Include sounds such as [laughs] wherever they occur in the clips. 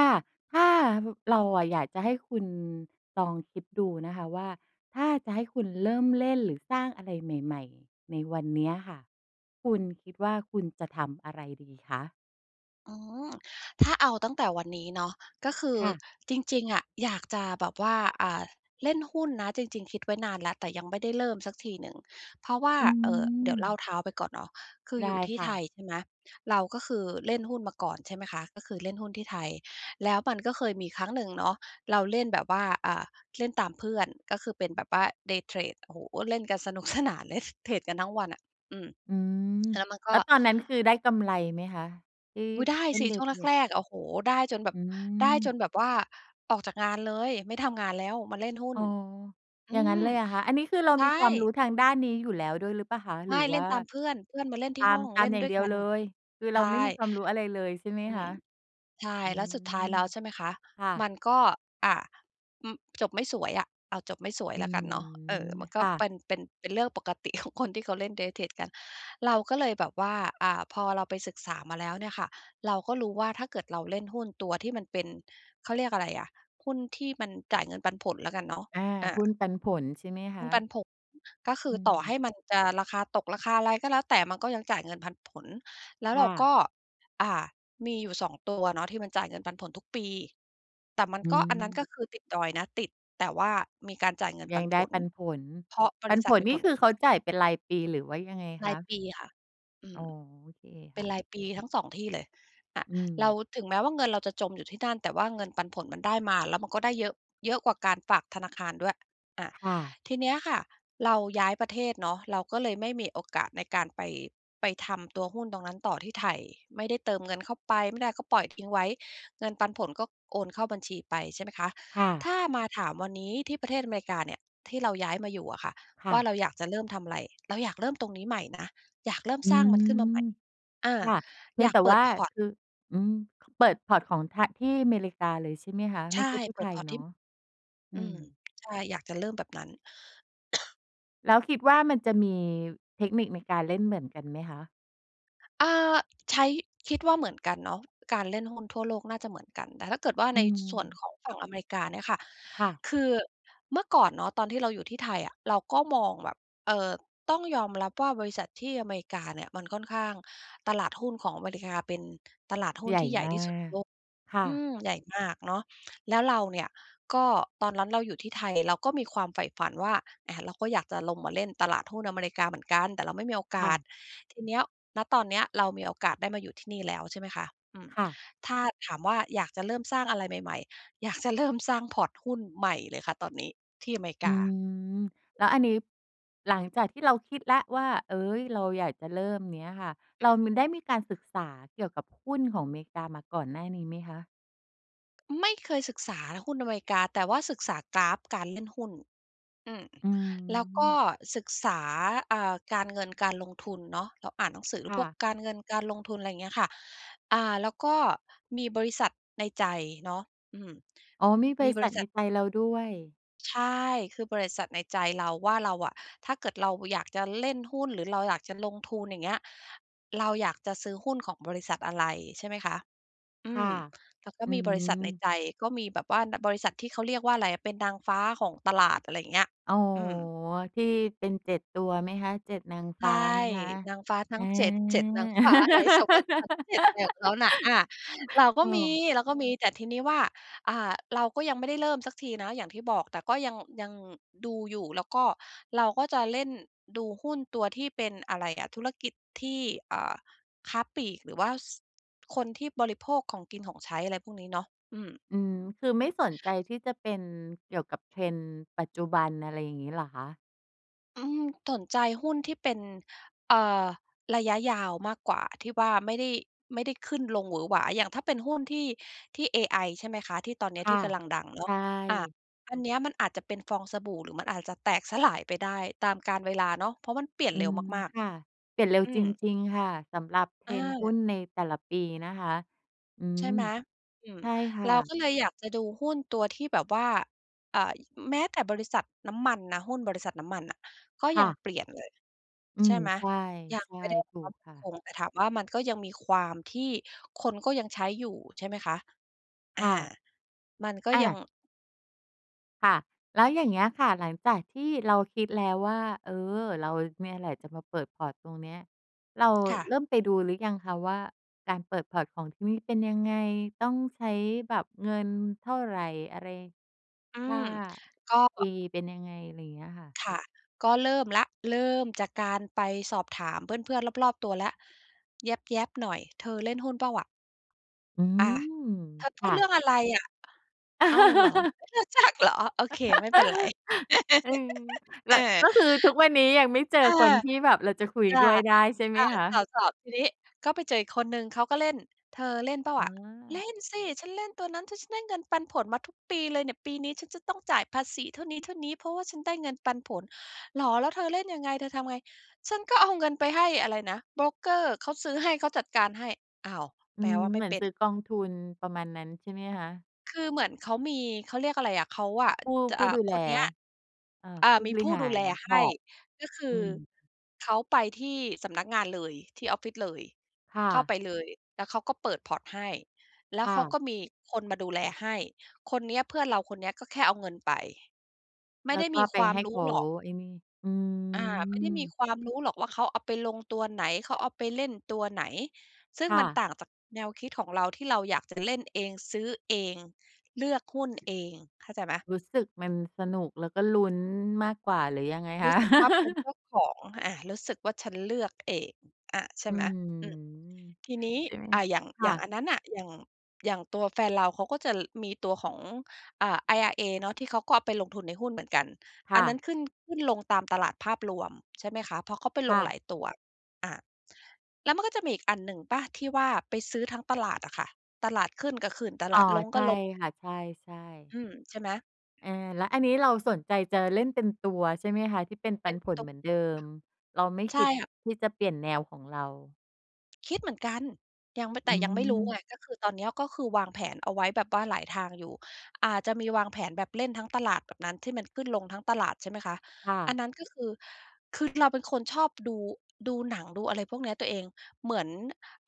ค่ะ ถ้า บ เราอะอยากจะให้คุณลองคิดดูนะคะว่าถ้าจะให้คุณเริ่มเล่นหรือสร้างอะไรใหม่ ๆ ในวันเนี้ยค่ะ คุณคิดว่าคุณจะทำอะไรดีคะ? อืม ถ้าเอาตั้งแต่วันนี้เนาะ ก็คือค่ะ จริง ๆ อะ อยากจะแบบว่า อ่า เล่นหุ้นนะ จริง ๆ คิดไว้นานแล้ว แต่ยังไม่ได้เริ่มสักทีหนึ่ง เพราะว่า อืเอ่อ เดี๋ยวเลม ่าเท้าไปก่อนเนาะ คือไดอยู้่ที่ค่ไทะ ย ใช่ไหม เราก็คือเล่นหุ้นมาก่อน ใช่ไหมคะ ก็คือเล่นหุ้นที่ไทย แล้วมันก็เคยมีครั้งหนึ่งเนาะ เราเล่นแบบว่า อ่า เล่นตามเพื่อน ก็คือเป็นแบบว่า day trade โอ้โฮ เล่นกันสนุก สนานเลย เทรดกันทั้งวันอะ อืม อืม แล้วมันกแล็ ้วตอนนั้นคือได้กำไรไหมคะ? ที่อุ๊ย ได้เล่สน ิ ชday ่วงแtrade รน่ะก ๆ ค่โอ้โฮ ได้จะ นแบอืบ ได้จนม แบบว่าออกจากงานเลย ไม่ทำงานแล้ว มาเล่นหุ้อน ๋อ อือย่างงั้ม นเลยเหรอคะ อันนี้คือเราใชมีความรู่ ้ทางด้านนี้อยู่แล้วด้วยหรือเปล่าคะ หไรมือ่ เวล่่านตามเพื่อน เพื่อนมาเล่นทตี่าหม ้อง ตาเลม่นอย่าดง้วเดยียกวัเน ลย คือเใรชาไม่่ มีความรู้อะไรเลยใช่ไหมอืคะ? ม ใช่ อืแล้วสุดท้าม ยแล้วใช่ไหมคะ ค่มะ ันก็ อ่า อ จบไม่สวยอะ เอา จบไม่สวยอืแล้วกันเนาะ เออ ม มันกค็่ะ เป็น เป็น เป็นเรื่องปกติ ของ คนที่เขาเล่นเดย์ day trade เราก็เลยแบบว่า อ่า พอเราไปศึกษามาแล้วเนี่ยค่ะ เราก็รู้ว่าถ้าเกิดเราเล่นหุ้นตัวที่มันเป็น เขาเรียกอะไรอะ หุ้นที่มันจ่ายเงินปันผลแล้วกันเนาะ อา อ่า หุ้นปันผลใช่ไหมคหุ้ะ? นปันผล ก็คือือต่อใม ห้มันจะราคาตก ราคาอะไรก็แล้วแต่ มันก็ยังจ่ายเงินพันผล แล้ควเ่รากะ ็ อ่า มีอยู่ 2 ตัวเนาะที่มันจ่ายเงินปันผลทุกปี แต่มันอืก็ อันนั้นม ก็คือติดดอยนะ ติด แต่ว่ามีการจ่ายเงินยปัังนไผด้ล ปันผล เพราะบปัรินษผัทลมีนีผ่ลคืกอเำขาไร จ่ายเป็นรายปีหรือว่ายังไงรคายะ? ปีค่ะ อือ๋อ ม โอเคเปค็่นะ รายปีทั้ง 2 ที่เลย อา อืเรา ม ถึงแม้ว่าเงินเราจะจมอยู่ที่นั่น แต่ว่าเงินปันผลมันได้มา แล้วมันก็ได้เยอะ เยอะกว่าการฝากธนาคารด้วย อา ค่ะ ทีเนี้ยค่ะ เราย้ายประเทศเนาะ เราก็เลยไม่มีโอกาสในการไป ไปทำตัวหุ้นตรงนั้นต่อที่ไทย ไม่ได้เติมเงินเข้าไป ไม่ได้ก็ปล่อยทิ้งไว้ เงินปันผลก็โอนเข้าบัญชีไป ใช่ไหมคะ ค่ะ ถ้ามาถามวันนี้ที่ประเทศอเมริกาเนี่ย ที่เราย้ายมาอยู่อะค่ะ ค่ว่าะ เราอยากจะเริ่มทำไร เราอยากเริ่มตรงนี้ใหม่นะ อยากเริ่มอืสร้างมันม ขึ้นมาใหม่ อา ค่ะ เพอียยงากแต่เปิว่ด าพอร์ต คือ อืม ค เปิด พอร์ต ของทา ที่อเมริกาเลยใช่ไหมคะ ใชไม่่ ใช่ที่เปไิทด ยพอร์ต เนทาีะ? ่ อือืม ม ใช่ อยากจะเริ่มแบบนั้น [coughs] แล้วคิดว่ามันจะมีเทคนิคในการเล่นเหมือนกันไหมคะ? อา ใช้ คิดว่าเหมือนกันเนาะ การเล่นหุ้นทั่วโลกน่าจะเหมือนกัน แต่ถ้าเกิดว่าอใืนส่วนม ของฝั่งอเมริกาเนี่ยค่ะ ค่ะ คือเมื่อก่อนเนาะตอนที่เราอยู่ที่ไทยอะ เราก็มองแบบ เออ ต้องยอมรับว่าบริษัทที่อเมริกาเนี่ยมันค่อนข้าง ตลาดหุ้นของอเมริกาเป็นตลาดหุ้ใหนญ่ที่ใหญ่มาที่สุดในก โลก ค่อืะ ม ใหญ่มากเนาะ แล้วเราเนี่ย ก็ตอนนั้นเราอยู่ที่ไทยเราก็มีความใฝ่ฝันว่า อ่า เราก็อยากจะลงมาเล่นตลาดหุ้นอเมริกาเหมือนกัน แต่เราไม่มีโอกค่าส ะ ทีเนี้ย ณ ตอนเนี้ยเรามีโอกาสได้มาอยู่ที่นี่แล้ว ใช่ไหมคะ อืม ค่ะ ถ้าถามว่าอยากจะเริ่มสร้างอะไรใหม่ ๆ อยากจะเริ่มสร้าง พอร์ต หุ้นใหม่เลยค่ะตอนนี้ที่อเมริอกืา อ แล้วอันนี้ หลังจากที่เราคิดแล้วว่า เอ๊ย เราอยากจะเริ่ม อย่างเนี้ยค่ะ เอรา ืม ม ได้มีการศึกษาเกี่ยวกับหุ้นของเมกามาก่อนหน้านี้ไหมคะ? ไม่เคยศึกษาหุ้นอเมริกา แต่ว่าศึกษากราฟการเล่นหุ้น อืม อืแล้วก็อ ศึกษา อ่า การเงิน การลงทุนเนาะ เราอ่านหนังสือ หรืคอ่พวกะ การเงิน การลงทุน อะไรอย่างเงี้ยค่ะ อ่า แล้วก็มีบริษัทในใจเนาะ อืม อ๋อ มีบมีริบษัรทิใษนัท ไทยเราด้วย ใช่ คือบริษัทในใจเราว่าเราอะ ถ้าเกิดเราอยากจะเล่นหุ้น หรือเราอยากจะลงทุน อย่างเงี้ย เราอยากจะซื้อหุ้นของบริษัทอะไร ใช่ไหมคะ อืค่ะ ม แล้วก็อืมีบริษัทในม ใจ ก็มีแบบว่า น บริษัทที่เขาเรียกว่าอะไรอะ เป็นนางฟ้าของตลาด อะไรอย่างเงี้ย อ๋อ อืม ที่เป็น 7 ตัวไหมคะ 7 นางใฟช้า่ ไหมคะ? นางฟ้าทัอ้า ง 7 7 นางฟ้าอะไร สวรรค์ชั้น 7 อะไรของเข[laughs] าน่ะ อา เราก็เมี ออ เราก็มี แต่ทีนี้ว่า อ่า เราก็ยังไม่ได้เริ่มสักทีนะอย่างที่บอก แต่ก็ยัง ยังดูอยู่ แล้วก็ เราก็จะเล่น ดูหุ้นตัวที่เป็นอะไรอะ ธุรกิจที่ อ่า ค้าปลีก หรือว่า ส คนที่บริโภคของกินของใช้ อะไรพวกนี้เนาะ อืม อือ คือไม่สนใจที่จะเป็นเกี่ยวกับ Trend ปัจจุบัน อะไรอย่างนี้หรอคะ? อืม สนใจ หุ้นที่เป็น เอ่อ ระยะยาวมากกว่าที่ว่าไม่ได้ ไม่ได้ขึ้นลงหวือหวา อย่างถ้าเป็นหุ้นที่ ที่ AI ใช่ไหมคะ ที่ตอนเนคี้ย่ทีะ ่กำลังดังเนาใชะ อ่า ่ อันเนี้ยมันอาจจะเป็นฟองสบู่ หรือมันอาจจะแตก สลาย ไปได้ตามกาลเวลาเนาะ เพราะมันเปลี่ยอนืเร็วม มาก ค่ะ เปลี่ยนเร็วๆ อืจม ริง ๆ ค่ะ สำหรับ trend หุ้อา นในแต่ละปีนะคะ อืใชม ่ไหม? อืม ใช่คเ่ราะ ก็เลยอยากจะดูหุ้นตัวที่แบบว่า อ่า ย แม้แต่บริษัทน้ำมันนะ หุ้นบริษัทน้ำมันน่ะก็คย่ังะ เปลี่ยนเลย อืใช่ม ไหม? ใช่ ยัใงช่ ไม่ได้ ถูกtop ค่คะ ง แต่ถามว่า มันก็ยังมีความที่คนก็ยังใช้อยู่ใช่ไหมคะ? อคา ่ะ มันก็อ่ยัง า ค่ะ แล้วอย่างเงี้ยค่ะ หลังจากที่เราคิดแล้วว่า เออ เราเนี่ยแหละจะมาเปิด พอร์ต ตรงเนี้ย เราค่เะ ริ่มไปดูหรือยังคะว่า การเปิด พอร์ต ของที่นี่เป็นยังไง ต้องใช้แบบเงินเท่าไร อะไร อืค่ม า ก็ อ fee เป็นยังไง ไรเงี้ยค่ะ? ค่ะ ก็เริ่มแล้ว เริ่มจากการไปสอบถามเพื่อน ๆ รอบ ๆ ตัวแล้ว แย็บ ๆ หน่อย "เธอเล่นหุ้นเปล่าอะ?" อือะ ม เธอพคูด่ะ เรื่องอะไรอะ อ้าว เหรอ [laughs] ไม่รู้จักเหรอ โอเคไม่เป็นไร [laughs] อื[laughs] ม แลเ้ออ ว ก็คือทุกวันนี้ยังไม่เจอเออ คนที่แบบเราจะคุยค่ะ ด้วยได้ใช่ไหอ่มา คตะ? ่อ ๆ ทีนี้ก็ไปเจออีกคนหนึ่งเขาก็เล่น เธอเล่นเปล่าอ๋อะ เล่อ นสิ ฉันเล่นตัวนั้น ถ ฉันได้เงินปันผลมาทุกปีเลยเนี่ย ปีนี้ฉันจะต้องจ่ายภาษีเท่านี้ ๆ เพราะว่าฉันได้เงินปันผล เหรอ แล้วเธอเล่นยังไง เธอทำไง ฉันก็เอาเงินไปให้อะไรนะ โบรกเกอร์ เขาซื้อให้ เขาจัดการให้ อ้าว อืแปลม ว่าไเมห่มือเนป็ซน ื้อกองทุน ประมาณนั้นใช่ไหมคะ? คือเหมือนเขามี เขาเรียกอะไรอะ เขา อะ ผู้ จะ ผูอ่้า ดูแคล นเนี้ย เอ่อ อ่า ผู้มีบรผิู้หาดูแร ลพใหอ้ ร์ต ก็คือ อืม เขาไปที่สำนักงานเลยที่ออฟฟิศเลย ค่เข้าะ ไปเลย แล้วเขาก็เปิด พอร์ต ให้ แล้คว่เขาะ ก็มีคนมาดูแลให้ คนเนี้ยเพื่อนเราคนเนี้ยก็แค่เอาเงินไป ไมแ่ล้ไดว้ก็มีไปควาใมห้รเขู้าหรอก ไอ้นี่ อือา ไม่ได้มีม ความรู้หรอกว่าเขาเอาไปลงตัวไหน เขาเอาไปเล่นตัวไหน ซึ่คง่มันะ ต่างจากแนวคิดของเรา ที่เราอยากจะเล่นเอง ซื้อเอง เลือกหุ้นเอง เข้าใจไหม รู้สึกมันสนุก แล้วก็ลุ้นมากกว่า หรือยังไงครู้ะ? สึกว่า เป็นเจ[laughs] ้าของ อ่า รู้สึกว่าฉันเลือก เอง อ่า ใชอ่ืไหม? ม อืม ทีนี้ ใช่ไหม? อ่า อย่าง คอย่่างะ อันนั้นน่ะ อย่าง อย่างตัวแฟนเราเขาก็จะมีตัวของ เอ่อ IRA เนาะที่เขาก็เอาไปลงทุนในหุ้นเหมือนกัน คอ่ันนะ ั้นขึ้น ขึ้นลงตามตลาดภาพรวม ใช่ไหมคะ ฦ เพราะเขาไปคล่งหะ ลายตัว อ่า แล้วมันก็จะมีอีกอันหนึ่งเปล่า ที่ว่าไปซื้อทั้งตลาดอะค่ะ ตลาดขึ้นก็ขึ้น ตอล๋อ าดลงใชก็่ลง ค่ะ ใช่ ๆ อืม ใช่ไหม? เออ แล้วอันนี้เราสนใจจะเล่นเต็มตัวใช่ไหมคะ? ที่เป็นปเปั็นน ผลต เหมือนเดิม เราไม่ใชค่ิดค่ะ ที่จะเปลี่ยนแนวของเรา คิดเหมือนกัน ยังไม่ อแตื่ยังไม่รู้ม ไง ก็คือตอนเนี้ยก็คือวางแผนเอาไว้แบบว่าหลายทางอยู่ อ่า จะมีวางแผนแบบเล่นทั้งตลาดแบบนั้น ที่มันขึ้นลงทั้งตลาด ใช่ไหมคะ ค่อะ ันนั้นก็คือ คือเราเป็นคนชอบดู ดูหนัง ดูอะไรพวกนี้ตัวเอง เหมือน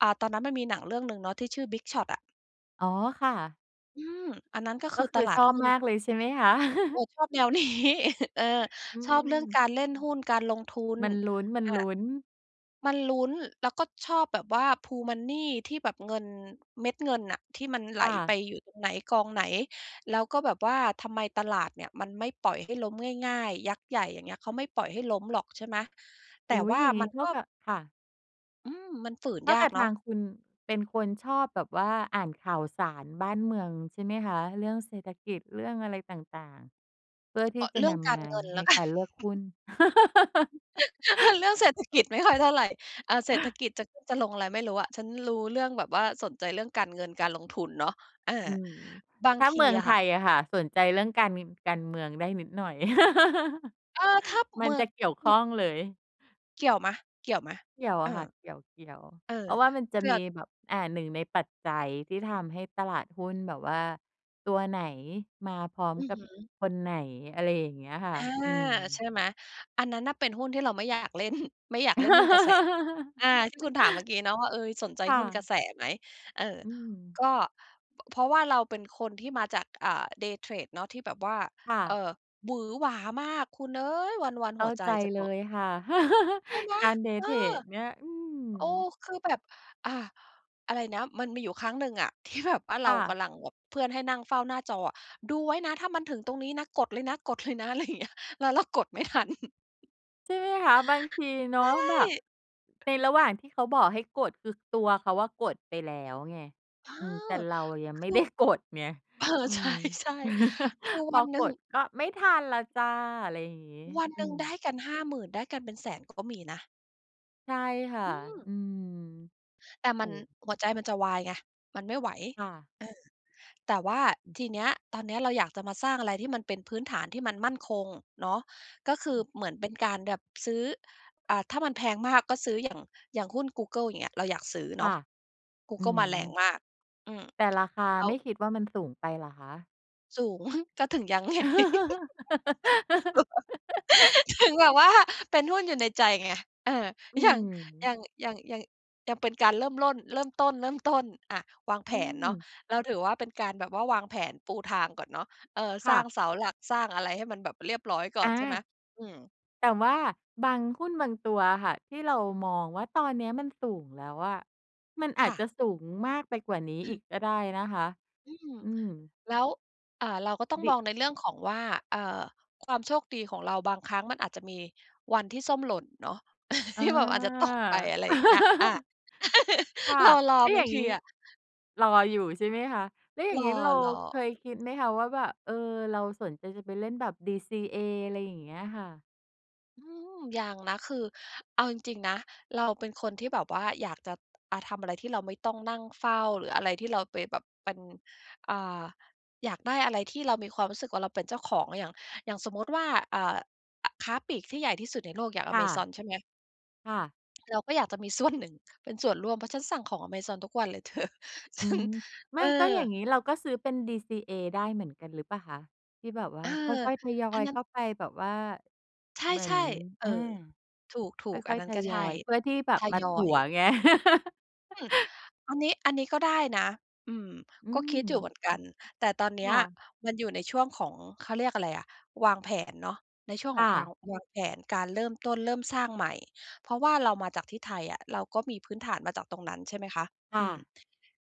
อ่า ตอนนั้นมันมีหนังเรื่องหนึ่งเนาะ ที่ชื่อ "Big Short" อะ อ๋อ ค่ะ อืม อันนั้นก็กค็ือคตือลาชดอบหุ้น มากเลยใช่ไหมคะ? เอ[chuckles] อ ชอบแนว นี้ [chuckles] เออ อืชอบเรื่องม การเล่นหุ้น การลงทุน มันอลุ้น ๆ า มันลุ้น แล้วก็ชอบแบบว่า pool money ที่แบบเงิน เม็ดเงินน่ะ ที่มันไหคล่ไปะ อยู่ตรงไหน กองไหน แล้วก็แบบว่าทำไมตลาดเนี่ยมันไม่ปล่อยให้ล้มง่าย ๆ ยักษ์ใหญ่ อย่างเงี้ย เขาไม่ปล่อยให้ล้มหรอก ใช่ไหม แตอุ่๊วย ่าอย่างนีมั้นเท่กา็ กับ ค่ะ อืม มันฝืนเท่ายากักบเทนาางะ คุณเป็นคนชอบแบบว่าอ่านข่าวสารบ้านเมืองใช่ไหมคะ? เรื่องเศรษฐกิจ เรื่องอะไรต่าง ๆ เพื่อทีอ ่จะเรื่นองกำมาราเงินแลใน้ว กักน ารเลือกหุ้น [laughs] [laughs] [laughs] ห เรื่องเศรษฐกิจไม่ค่อยเท่าไร อา เศรษฐอ กิจจะขึ้นจะลงอะไรไม่รู้อะ ฉันรู้เรื่องแบบว่า สนใจเรื่องการเงิน การลงทุนเนาะ เออือ ม บาถง้าทเมืีองอไะทค่ะ ยอะค่ะ สนใจเรื่องการ ง การเมืองได้นิดหน่อย เออ ถ้า[laughs] มัเมนือจง ะเกี่ยวขอ ้องเลย เกี่ยวไหม เกี่ยวไหม? เกี่ยวเอออ ะค่ะ เกี่ยว เออ ๆ เพราะว่ามันจะเพื่มอ ีแบบ อ่า 1 ในปัจจัยที่ทำให้ตลาดหุ้นแบบว่า ตัวไหนมาพร้อมอือกัฮบึ คนไหน อะไรอย่างเงี้ยค่อะ า อืใชม ่ไหม อันนั้นน่ะเป็นหุ้นที่เราไม่อยากเล่น [chuckles] ไม่อยากเล่นหุ้นกระแส อา ที่ค[laughs] ุณถามเมื่อกี้เนาะว่า เออ "สนใจค่หุ้นกระ ะแสไหม?" เออ อืม ก็ พ เพราะว่าเราเป็นคนที่มาจาก อ่า Day trade เนาะ ที่แบบว่า ค่เอ่ะ อ วือหวามากคุณเอ๊ย วัน เขๆ ห้ัาวใจใจจะเลตก ยค่ะ [chuckles] ใช่ไหม? การ Day เออ! trade เนี่ย อืโอ้ ม คือแบบ อ่า อะไรนะ มันมีอยู่ครั้งหนึ่งอ่ะ ที่แบบ ว่าเคร่ากะ ำลังแบบ เพื่อนให้นั่งเฝ้าหน้าจออะ "ดูไว้นะถ้ามันถึงตรงนี้นะ กดเลยนะ กด เลยนะ" อะไรอย่างเงี้ย แล้วเรากดไม่ทัน [chuckles] ใช่ไหมคะ บางทีเนใาะชแบบ ่ ในระหว่างที่เขาบอกให้กด คือตัวเขาอะกดไปแล้วไง เออ อืม แต่เรายังคไม่ ือ ได้กด ไง เออ อืใชม ่ ๆ คือ[chuckles] พวัอนหนึก่ง ดก็ไม่ทันแล้วจ้ะ อะไรอย่างงี้ วันอืหนึ่งได้ม กัน 50,000 ได้กันเป็น 100,000 ก็มีนะ ใช่ค่ะ อืม อืม แต่โมอ้ ันหัวใจมันจะวายไงมันไม่ไหว ค่ะ เออ แต่ว่าทีเนี้ยตอนเนี้ยเราอยากจะมาสร้างอะไรที่มันเป็นพื้นฐานที่มันมั่นคงเนาะ ก็คือเหมือนเป็นการแบบซื้อ อ่า ถ้ามันแพงมากก็ซื้ออย่าง อย่างหุ้นกูเกิลเงี้ยเราอยากซื้อคเน่าะ ะ กูอืเกิลมาแรงม มาก อืม แต่[tsk] ราคาแล้ไมว ่คิดว่ามันสูงไปเหรอคะ? สูง ก็ถึงยัง ไง [laughs] [laughs] ถึงแบบว่าเป็นหุ้นอยู่ในใจไง เออ อืยัง ยม ัง ยัง ยัง ยังเป็นการเริ่มร่น เริ่มต้น เริ่มต้น อ่า วางแผอืนเนาะ ม เราถือว่าเป็นการแบบว่าวางแผนปูทางก่อนเนาะ เออ คสร่้าะ งเสาหลักสร้างอะไรให้มันแบบเรียบร้อยก่ออนใช่ไหม? า อืม แต่ว่าบางหุ้นบางตัวอะค่ะ ที่เรามองว่า ตอนเนี้ยมันสูงแล้วอะ มันอคาจ่จะ ะสูงมากไปกว่านี้อีก[chuckles] ก็ได้นะคะ อืม อืม แล้ว อา เราก็ต้องดมิ องในเรื่องของว่า เออ ความโชคดีของเราบางครั้งมันอาจจะมีวันที่ส้มหล่นเนาะ [chuckles] อที่แบบ อาจจะตกไป า อะไรอย่างเงี้ย อา [laughs] [chuckles] ค่ะ รอ แล้วๆ บอยา่งางทงีี้ อะ รออยู่ใช่ไหมคะ? แล้วอย่ารงงี้เราอ เคๆ ยคิดไหมคะว่า แบบ เออ เราสนใจจะไปเล่นแบบ DCA อะไรอย่างเงี้ยค่ะ? อืม ยังนะ คือเอาจริง ๆ นะ เราเป็นคนที่แบบว่าอยากจะ อา ทำอะไรที่เราไม่ต้องนั่งเฝ้า หรืออะไรที่เราไปแบบเป็น อ่า อยากได้อะไรที่เรามีความรู้สึกว่าเราเป็นเจ้าของ อย่าง อย่างสมมติว่า อ่า ค้าปลีกที่ใหญ่ที่สุดในโลกอย่างคอ่เมซะ อนใช่ไหม? ค่ะ เราก็อยากจะมีส่วนหนึ่งเป็นส่วนร่วม เพราะฉันสั่งของอะเมซอน ทุกวันเลย เธอ ฉอืัน ม ไมเอ่อ ก็อย่างนี้เราก็ซื้อเป็น DCA ได้เหมือนกันหรือเปล่าคะ? ที่แบบว่เอาอ ค่อย ๆ ทยออันยนั้เขน ้าไปแบบว่า ใชเหมือน ่ ๆ เอออ า ถคูก ๆ อั่อนย นั้ๆ ทนก็ยใชอ่ ย เพื่อที่แบทบมายอถัวย ไง อืม [chuckles] อันนี้ อันนี้ก็ได้นะ อืม อืก็คิดอยู่เหมืม อนกัน แต่ตอนเนีค้ย ่ะ มันอยู่ในช่วงของ เขาเรียกอะไรอะ วางแผนเนาะ ในช่วงคข่องความะ วางแผน การเริ่มต้น เริ่มสร้างใหม่ เพราะว่าเรามาจากที่ไทยอะ เราก็มีพื้นฐานมาจากตรงนั้น ใช่ไหมคะ คอ่ืม ะ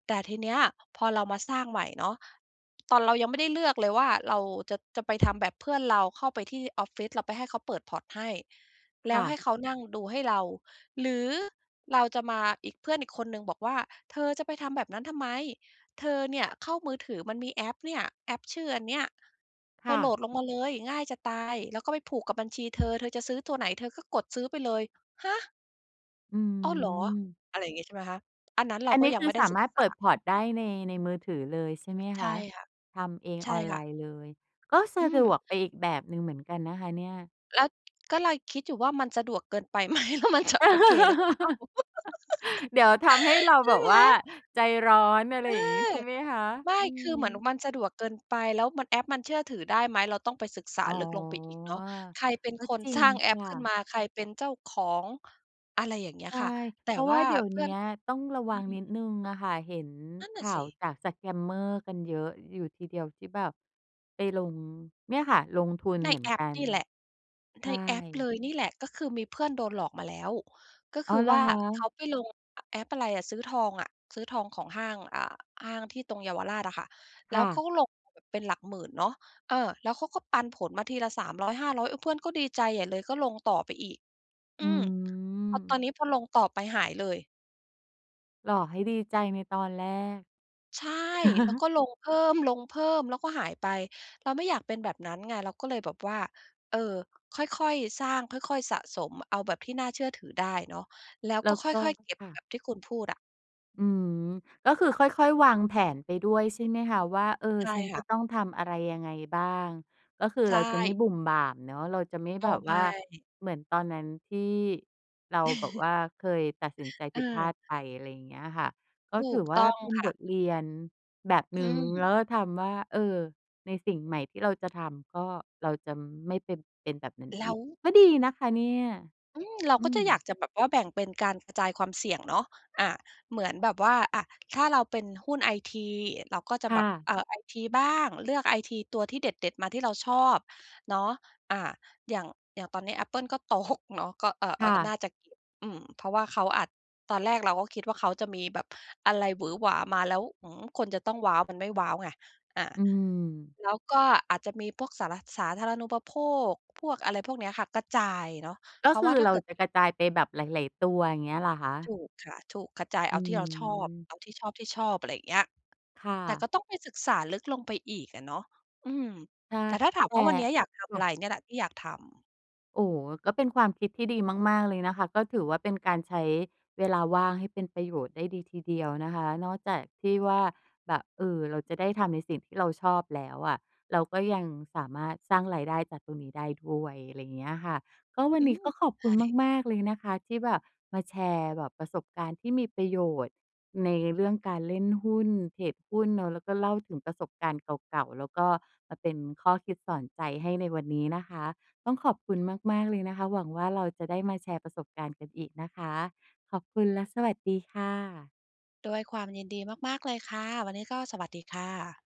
แต่ทีเนี้ย พอเรามาสร้างใหม่เนาะ ตอนเรายังไม่ได้เลือกเลยว่าเราจะ จะไปทำแบบเพื่อนเรา เข้าไปที่ออฟฟิศเราไปให้เขาเปิด พอร์ต ให้ แลค้่วใหะ ้เขานั่งดูให้เราหรือเราจะมาอีก เพื่อนอีกคนหนึ่งบอกว่า "เธอจะไปทำแบบนั้นทำไม? เธอเนี่ยเข้ามือถือมันมีแอปเนี่ย แอปชื่ออันเนี้ย คเธ่อโหละ ดลงมาเลย ง่ายจะตาย แล้วก็ไปผูกกับบัญชีเธอ เธอจะซื้อตัวไหนเธอก็กดซื้อไปเลย" ฮะ อือ้อ เหรอ! ม อะไรอย่างงี้ ใช่ไหมคะ อันนั้นเรอาันกน็ี้ยัคงืไมอ่ได้สาศึมการถษเปิด า port ได้ใน ในมือถือเลยใช่ไหมใคช่ะ? ค่ะ ทำเองใช่ออนไคล่ะ น์เลย ก็สอืะดม วกไปอีกแบบหนึ่งเหมือนกันนะคะเนี่ย แล้ว ก็เลยคิดอยู่ว่า มันสะดวกเกินไป ไหม แล้วมันจะโอเคหรือเปล่า? [laughs] เดี๋ยวทำให้เร[giggles] าใชแบ่บไหม? ว่าเอใจร้อน อะไรอย่าอ งนี้ใช่ไหมคะ? ไม่ อืคือเหมือนม มันสะดวกเกินไป แล้วมัน แอปมันเชื่อถือได้ไหม เราต้องไปศึกษาอ๋อ ลึกลงไปอีกเนาะ ใครเป็นก็คน จริสรง้าง แอคป่ขึ้นะ มา ใครเป็นเจ้าของ อะไรอย่างเงี้ใยช่ ค่ะ แตเ่พราะวว่่าาเดี๋ยวเพเนืี่อ้น ยก ต้องระอวืังม นิดหนึ่งอะค่ะ เห็นนั่นขน่ะ่าสวิ จาก สแกมเมอร์ กันเยอะอยู่ทีเดียว ที่แบบไปลง เนี่ยค่ะ ลงทุนในเหมือนแอกปัน นี่แหละ ใชในแอปเ่ ลยนี่แหละ ก็คือมีเพื่อนโดนหลอกมาแล้ว ก็อค๋อ ือเหรวอ่าคเขะ? าไปลง อ แอปอะไรอะ ซื้อทองอะ ซื้อทองของห้าง อ่า ห้างที่ตรงเยาวราชอะค่ะ แคล้่วเขาะ ก็ลงแบบเป็นหลักหมื่นเนาะ เออ แล้วเขาก็ปันผลมาทีละ 300 500 เออ เพื่อนก็ดีใจใหญ่เลย ก็ลงต่อไปอีก ออืืม พอตม อนนี้พอลงต่อไป หายเลย หลอกให้ดีใจในตอนแรก ใช่ แล้วก็[chuckles] ลงเพิ่ม ๆ แล้วก็หายไป เราไม่อยากเป็นแบบนั้นไง เราก็เลยแบบว่า เออ ค่อย ๆ สร้าง ค่อย ๆ สะสมเอาแบบที่น่าเชื่อถือได้เนาะ แล้วแลก้็วคก็ ่อย ๆ เก็บค่ะ แบบที่คุณพูดอะ อือ ก็คือค่อย ๆ วางแผนไปด้วยใช่ไหมคะ? ว่า เออ ใช่ฉันคจ่ะะ ต้องทำอะไรยังไงบ้าง ก็คือใชเราจะไม่่ บุ่มบ่ามเนาะ เราจะไม่อแ๋บอ บไวม่า ่ เหมือนตอนนั้นที่เราแบบ[chuckles] ว่า เคยตัดสินใจผิดพลาดเออ ไปอะไรเงี้ยค่ะ ก็ถถูือกวต่า้องเป็นค่บะ ทเรียนแบบหนึอื่ง แล้ม วก็ทำว่า เออ ในสิ่งใหม่ที่เราจะทำก็เราจะไม่ไปเป็นแบบนั้นแลอี้ก ว ก็ดีนะคะเนี่ย อือ เราอืก็จะอยาก ม จะแบบว่าแบ่งเป็นการกระจายความเสี่ยงเนาะ อ่า เหมือนแบบว่า อะ ถ้าเราเป็นหุ้นไอที เราก็จะคแ่บบ ะ เออ ไอทีบ้าง เลือกไอทีตัวที่เด็ด ๆ มาที่เราชอบเนาะ อ่า อย่าง อย่างตอนนี้ Apple ก็ ตก เนาะ ก็ เอ่อ เคอ่่อ น่ะ าจะ [unintelligible] อืม เพราะว่าเขาอาจ ตอนแรกเราก็คิดว่า เขาจะมีแบบอะไรหวือหวามา แล้ว หือ คนจะต้องว้าว มันไม่ว้าวไง อ่า อืม แล้วก็อาจจะมีพวกสาระ สาธารณูปโภค พวกอะไรพวกเนี้ยค่ะ กระจายเนาะ กเ็พราคะวื่าอถ้เาราเกิด จะกระจายไปแบบหลาย ๆ ตัว เงี้ยหรอคะ? ถูกค่ะ ถูก กระจายเอือาที่เราชอบ อ เอาที่ชอบ ที่ชอบ อะไรเงี้ย ค่แต่ะ ก็ต้องไปศึกษาลึกลงไปอีกอะเนาะ อืม ใช่ แต่ถ้าถาแมต่ ว่า วันเนี้ยอยากทคำอะ่ะ ไร? เนี่ยแหละที่อยากทำ โอ้ ก็เป็นความคิดที่ดีมาก ๆ เลยนะคะ ก็ถือว่าเป็นการใช้เวลาว่างให้เป็นประโยชน์ได้ดีทีเดียวนะคะ นอกจากที่ว่าแบบ เออ เราจะได้ทำในสิ่งที่เราชอบแล้วอะ เราก็ยังสามารถสร้างรายได้จากตรงนี้ได้ด้วย อะไรเงี้ยค่ะ ก็วันอืนี้อ ก็ขอบคใชุณ่ มาก ๆ เลยนะคะ ที่แบบมาแชร์แบบประสบการณ์ที่มีประโยชน์ ในเรื่องการเล่นหุ้นเทรดหุ้นเนาะ แล้วก็เล่าถึงประสบการณ์เก่า ๆ แล้วก็มาเป็นข้อคิดสอนใจให้ในวันนี้นะคะ ต้องขอบคุณมาก ๆ เลยนะคะ หวังว่าเราจะได้มาแชร์ประสบการณ์กันอีกนะคะ ขอบคุณและสวัสดีค่ะ ด้วยความยินดีมาก ๆ เลยค่ะ วันนี้ก็สวัสดีค่ะ